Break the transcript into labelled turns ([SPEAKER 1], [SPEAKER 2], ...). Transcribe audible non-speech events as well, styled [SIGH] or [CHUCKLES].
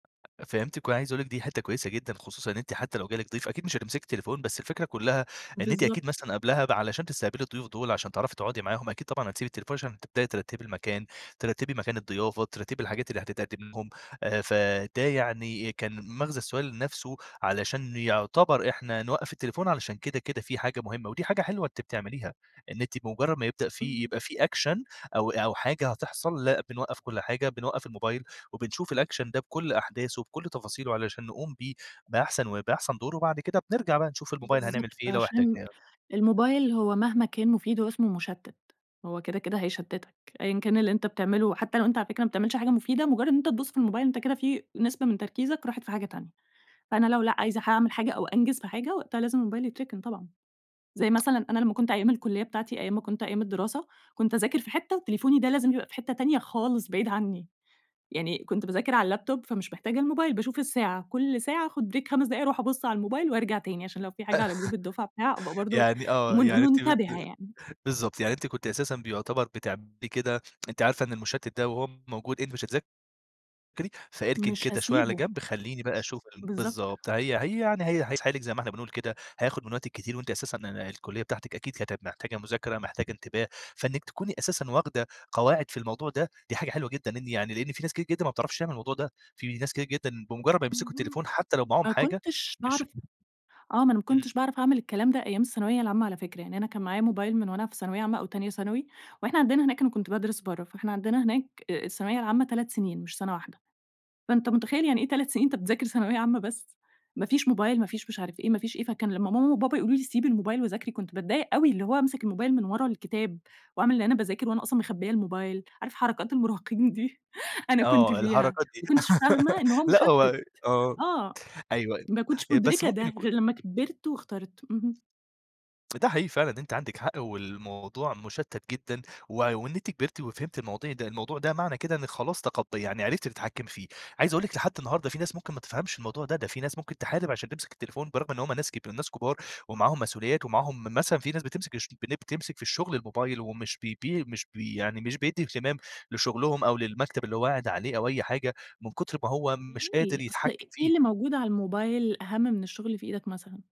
[SPEAKER 1] فهمتِك وأنا عايز اقول لِك دي حتة كويسة جدًا، خصوصًا إن أنتِ حتى لو جالِك ضيف أكيد مش هتمسكي التليفون، بس الفكرة كلّها إن أنتِ أكيد
[SPEAKER 2] بالضبط.
[SPEAKER 1] مثلًا قبلها ب علشان تستقبلي الضيوف دول، عشان تعرفي تقعُدي معاهم أكيد طبعًا هتسيبي التليفون، عشان تبدأي ترتِّبي المكان ترتِّبي مكان الضيافة، ترتِّبي الحاجات اللي هتتقدِّم لهم، آآ، فده يعني كان مَغزى السؤال نفسه، علشان يعتبر إحنا نوقَّف التليفون علشان كده، كده في حاجة مهمة، ودي حاجة حلوة أنتِ بتعمليها، إن أنتِ بمجرّد ما يبدأ فيه
[SPEAKER 2] اهم.
[SPEAKER 1] يبقى في أكشن أو أو حاجة هتحصل، لأ بنوقَّف كل حاجة، بنوقَّف الموبايل، وبنشوف الأكشن ده بكُلّ أحداثه بكُلّ تفاصيله علشان نقوم بيه بأحسن و بأحسن دور وبعد كده بنرجع بقى نشوف الموبايل هنعمل
[SPEAKER 2] بالضبط،
[SPEAKER 1] فيه إيه لو
[SPEAKER 2] عشان
[SPEAKER 1] احتجناه.
[SPEAKER 2] الموبايل هو مهما كان مفيد، هو اسمه مُشتِّت هو كده، كده هيشتِّتك أيًا كان اللي أنت بتعملُه، حتى لو أنت على فكرة ما بتعملش حاجة مفيدة، مجرّد إن أنت تبُصّ في الموبايل أنت كده في نسبة من تركيزك راحت في حاجة تانية، فأنا لو لأ عايزة حاعمل حاجة أو أنجز في حاجة وقتها لازم الموبايل يتركن طبعًا. زي مثلًا أنا لمّا كنت أيام الكليّة بتاعتي أيام ما كنت أيام الدراسة، كنت أذاكر في حتة وتليفوني ده لازم يبقى في حتة تانية خالص بعيد عنّي، يعني كنت باذاكر على اللابتوب فمش محتاجة الموبايل باشوف الساعة، كل ساعة آخد بريك 5 دقايق أروح أبُصّ على الموبايل وارجع تاني، عشان لو في حاجة على جروب الدفعة، بتاع، أبقى
[SPEAKER 1] [LAUGHS]
[SPEAKER 2] برضه
[SPEAKER 1] يعني آه،
[SPEAKER 2] من
[SPEAKER 1] يعني أنتِ بت
[SPEAKER 2] منتبهة يعني.
[SPEAKER 1] بالضبط، يعني أنتِ كنتِ أساسًا بيعتبر بتعملي كده، أنتِ عارفة إن المُشتّت ده وهو موجود أنتِ مش هتذاكري، فإركن
[SPEAKER 2] مش
[SPEAKER 1] كده شوية على
[SPEAKER 2] هاسيبه.
[SPEAKER 1] جنب، خلّيني بقى أشوف ال
[SPEAKER 2] بالضبط.
[SPEAKER 1] بالضبط، هي هي يعني هي هيسحلِك زي ما إحنا بنقول كده هياخد من وقتِك كتير، وأنتِ أساسًا ال الكليّة بتاعتِك أكيد كانت محتاجة مذاكرة، محتاجة انتباه، فإنِّك تكوني أساسًا واخدة قواعد في الموضوع ده، دي حاجة حلوة جدًا، إن يعني لإن في ناس كتير جدًا ما بتعرفش تعمل الموضوع ده، في ناس كتير جدًا بمجرّد ما يمسكوا
[SPEAKER 2] اهم،
[SPEAKER 1] التليفون حتى لو معاهم
[SPEAKER 2] ما
[SPEAKER 1] حاجة،
[SPEAKER 2] كنتش
[SPEAKER 1] مش
[SPEAKER 2] باعرف آه، ما أنا ما
[SPEAKER 1] امم.
[SPEAKER 2] كنتش باعرف أعمل الكلام ده أيام الثانوية العامة على فكرة، يعني أنا كان معايا موبايل من وأنا في ثانوية عامة أو تانية ثانوي، وإحنا عندنا هناك أنا كنت بادرس برّه، فاحنا عندنا هناك أ الثانوية العامة 3 سنين مش سنة واحدة فأنت متخيّل يعني إيه 3 سنين أنت بتذاكر ثانوية عامة بس، ما فيش موبايل ما فيش مش عارف إيه، ما فيش إيه، فكان لمّا ماما وبابا يقولوا لي سيبي الموبايل وذاكري، كنت باتضايق أوي، اللي هو هامسك الموبايل من ورا الكتاب وأعمل ان أنا باذاكر وأنا أصلًا مخبيّة الموبايل عارف حركات المراهقين دي، [CHUCKLES] أنا كنت
[SPEAKER 1] آه،
[SPEAKER 2] فيها،
[SPEAKER 1] الحركات دي
[SPEAKER 2] ما كنتش فاهمة
[SPEAKER 1] [LAUGHS]
[SPEAKER 2] إن هو
[SPEAKER 1] لأ،
[SPEAKER 2] مُشتِّت،
[SPEAKER 1] هو آه،
[SPEAKER 2] آه،
[SPEAKER 1] أيوه، أيوه
[SPEAKER 2] ما كنتش
[SPEAKER 1] آآ، بس
[SPEAKER 2] مُدركة
[SPEAKER 1] ممكن
[SPEAKER 2] ده
[SPEAKER 1] يكون
[SPEAKER 2] غير لمّا كبرت واخترت، اهم.
[SPEAKER 1] ده حقيقي فعلًا أنتِ عندِك حق، والموضوع مُشتِّت جدًا، وع وإن أنتِ كبرتِ وفهمتِ المواضيع ده الموضوع ده معنى كده إنِّك خلاص تخطّي يعني عرفتِ تتحكمي فيه، عايز اقول لِك لحد النهارده، في ناس ممكن ما تفهمش الموضوع ده، ده في ناس ممكن تحارب عشان تمسك التليفون برغم إن هم ناس كب ناس كبار، ومعاهم مسؤوليات ومعاهم م مثلًا في ناس بتمسِك اشب بن بتمسك في الشغل الموبايل، ومش بي ب مش ب يعني مش بيدّي اهتمام لشغلهم أو للمكتب اللي هو قاعد عليه أو أي حاجة من كُتر ما هو مش قادر
[SPEAKER 2] ليه؟ أصل
[SPEAKER 1] يتحكم
[SPEAKER 2] إيه
[SPEAKER 1] فيه.
[SPEAKER 2] اللي موجود على الموبايل أهَمّ من الشغل اللي في إيدك مثلًا؟